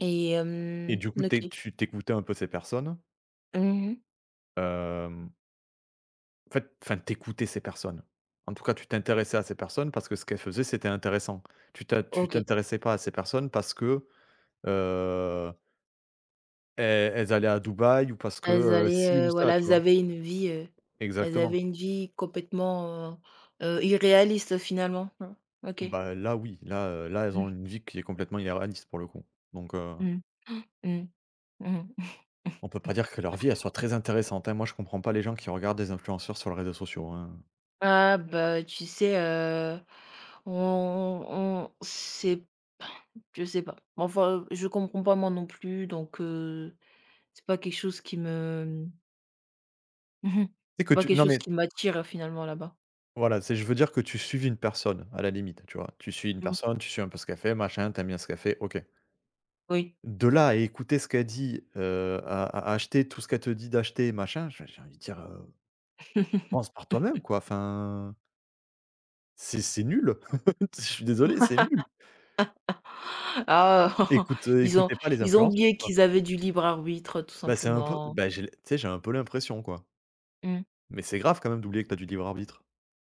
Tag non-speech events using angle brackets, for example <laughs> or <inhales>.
Et Et hem du coup, tu OK. tu écoutais un peu ces personnes Mmh, mmh mh. hem en fait, enfin, tu écoutais ces personnes. En tout cas, tu t'intéressais à ces personnes parce que ce qu'elles faisaient, c'était intéressant. Tu t'es tu OK. t'intéressais pas à ces personnes parce que, heu elles, elles allaient à Dubaï ou parce que, Elles heu, ci allaient, ou heu, ça, voilà, tu elles vois? avaient une vie, heu, elles Exactement. avaient une vie complètement, heu, irréaliste finalement, hein? OK. Bah là oui. Là, heu, là elles Mmh. ont une vie qui est complètement irréaliste, pour le coup. Donc, heu Mmh, <inhales> mmh. Mmh mh. On peut pas <chuckles> dire que leur vie, elle soit très intéressante, hein. Moi, je comprends pas les gens qui regardent des influenceurs sur les réseaux sociaux, hein. Ah bah, tu sais, heu, on on on sait je sais pas. Mais enfin, je comprends pas moi non plus, donc, heu, c'est pas quelque chose qui me mmh mh. Tu sais C'est que pas tu quelque non chose mais qui m'attire finalement là-bas. voilà, c'est je veux dire, que tu suives une personne à la limite, tu vois? Tu suis une Mmh. personne, tu suis un peu ce qu'elle fait machin, tu aimes bien ce qu'elle fait, OK Oui. de là à écouter ce qu'elle dit, heu à à acheter tout ce qu'elle te dit d'acheter, machin, j'ai j'ai envie de dire: «Heu, pense par toi-même, <laughs> quoi. Enfin c'est c'est nul, heu, je suis désolé, c'est nul». <laughs> Ah, écoute, heu, ils ont écoutez pas les ils ont influences, oublié quoi. qu'ils avaient du libre arbitre, tout Bah, c'est un peu simplement. bah, j'ai tu sais, j'ai un peu l'impression, quoi Mmh. mais c'est grave quand même d'oublier que tu as du libre arbitre.